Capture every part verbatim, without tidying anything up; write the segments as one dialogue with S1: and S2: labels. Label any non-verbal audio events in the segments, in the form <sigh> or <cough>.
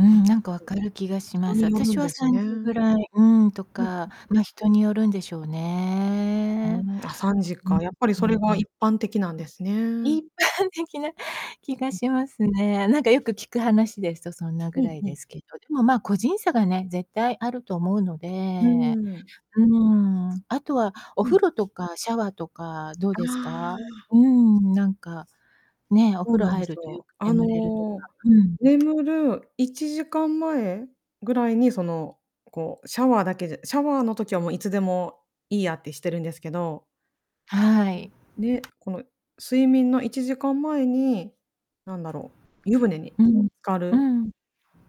S1: うん、な
S2: <unintelligible>
S1: んか分かる気がしま
S2: 人
S1: す。
S2: による
S1: 私
S2: ん
S1: は
S2: です
S1: 3
S2: ね。う
S1: 時ぐ
S2: ん
S1: らい、うん、と
S2: うん。
S1: か、ま、人によるんでしょう
S2: う
S1: ね。
S2: ん、あ、さんじ
S1: うん。
S2: か、やっぱり
S1: うん-
S2: そ
S1: う
S2: れ
S1: ん。う
S2: が
S1: ん。
S2: 一般的なんですね。
S1: 一般的な気が
S2: うん。
S1: しますね。なんかよく聞く話ですとそんなぐ
S2: う
S1: ら
S2: ん
S1: い
S2: う
S1: で
S2: ん。
S1: すけど。でも、まあ、個人差がね、絶対あると思うの
S2: うー
S1: で、
S2: ん。
S1: うん、あとはお
S2: う
S1: 風
S2: ん。
S1: 呂とかシャワーとかどう
S2: あ
S1: ですか？
S2: あ。
S1: うん、なんか、ねえ、お
S2: そう
S1: 風呂
S2: なんで
S1: 入
S2: す
S1: るとよ
S2: よ。
S1: く
S2: あ
S1: 眠れるとか、
S2: の、
S1: うん。
S2: 眠るいちじかんまえぐらいに、その、こう、シャワーだけでシャワーの時はもう、いつでもいいやってしてるんですけど。
S1: はい。
S2: で、この睡眠のいちじかんまえに、なんだろう、湯船に
S1: う
S2: こう
S1: ん、
S2: 浸か
S1: う
S2: る。
S1: ん。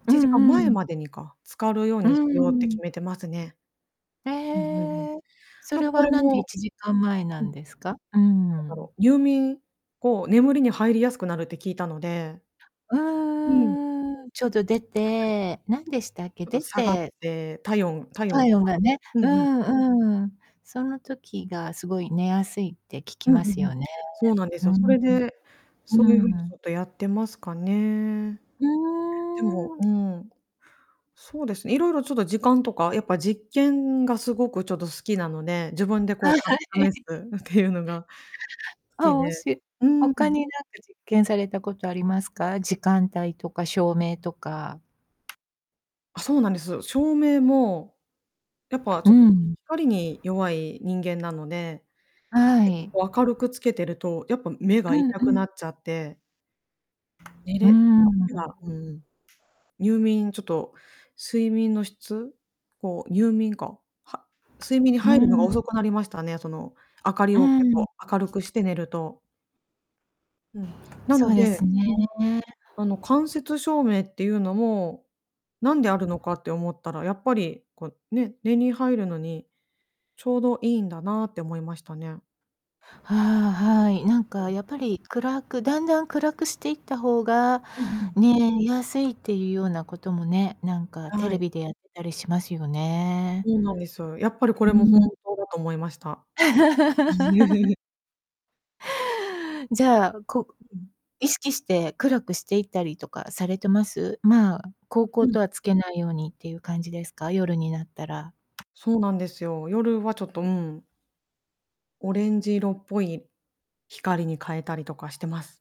S2: い
S1: う
S2: ちじかん
S1: ん-う
S2: まえ
S1: ん。
S2: までにか、浸かるよう
S1: う
S2: にしようって
S1: ん。
S2: 決めてますね。
S1: え
S2: うん-うん-うん。
S1: え。そ
S2: なん
S1: れ
S2: かこ
S1: は
S2: れ
S1: なんでい
S2: も
S1: ちじかんまえな
S2: う
S1: ん
S2: ん。
S1: ですか？うー
S2: なんだ
S1: ん。
S2: ろう、入眠、こう、眠りに入りやすくなるって聞いたので。
S1: うん
S2: うん。
S1: うんうん、ちょっと出
S2: はい。
S1: て何でしたっけ、
S2: ちょっと
S1: 出
S2: 下がっ
S1: て
S2: て、体温-体温が
S1: 体
S2: 下
S1: 温が
S2: がる、
S1: ね、
S2: う
S1: う
S2: ん-うん。
S1: ん、うん。その時がすごい寝やすいって聞き
S2: うんう
S1: ます
S2: んうん。
S1: よね。
S2: そうなんで
S1: う
S2: すよ、そ
S1: ん。
S2: れで、
S1: う
S2: そういう
S1: ん。
S2: 風にち
S1: うーん。
S2: ょっとやってますかね。
S1: う
S2: でも、
S1: ー
S2: う
S1: ん。
S2: ん。そうですね、いろいろちょっと時間とか、やっぱ、実験がすごくちょっと好きなので、自分でこう、
S1: はい
S2: た-
S1: はいは
S2: 試す
S1: い。
S2: っていうのが。
S1: <unintelligible>
S2: 好
S1: お
S2: き
S1: も
S2: で
S1: し
S2: う
S1: 他
S2: ん。
S1: に何か実験されたことありますか？時間帯とか照明とか。
S2: あ、そうなんです。照明も、やっぱ
S1: う
S2: ちょっとひ
S1: ん。
S2: 光に弱い人間なので。
S1: はい。
S2: 明るくつけてると、やっぱ目
S1: う
S2: が
S1: ん、
S2: 痛
S1: う
S2: く
S1: ん。
S2: なっちゃって寝
S1: うー
S2: れ、
S1: ん。
S2: <unintelligible> うん。入眠ちょっと睡眠の質、こう、入眠か、は睡眠に
S1: うー
S2: 入るのが
S1: ん。
S2: 遅くなりましたね、その、明かり
S1: う
S2: を結
S1: ん。
S2: 構明るくして寝ると。うん、な
S1: そ
S2: の
S1: うです
S2: で、
S1: ね。
S2: うん。あの、間接照明っていうのも、何であるのかって思ったら、やっぱり、こうね、寝に入るのに、ちょうどいいんだなって思いましたね。
S1: ああ、はい。なんか、やっぱり暗く、だんだん暗くしていった方が
S2: うん-うん。
S1: ね、見やすいっていうようなこともね、なんか、テ
S2: は
S1: レ
S2: い。
S1: ビでやってたりしますよね。
S2: そうなんですよ。やっぱりこ
S1: うー
S2: れも本
S1: ん。
S2: 当だと思いました。
S1: <laughs>
S2: <chuckles>
S1: じゃあ、こう、
S2: うん。
S1: 意識して暗くしていったりとかされてます？まあ、煌
S2: う
S1: 々
S2: ん。
S1: とはつけないようにっていう感じですか？夜になったら。
S2: そうなんですよ。夜はちょっと、うん。オレンジ色っぽい光に変えたりとかしてます。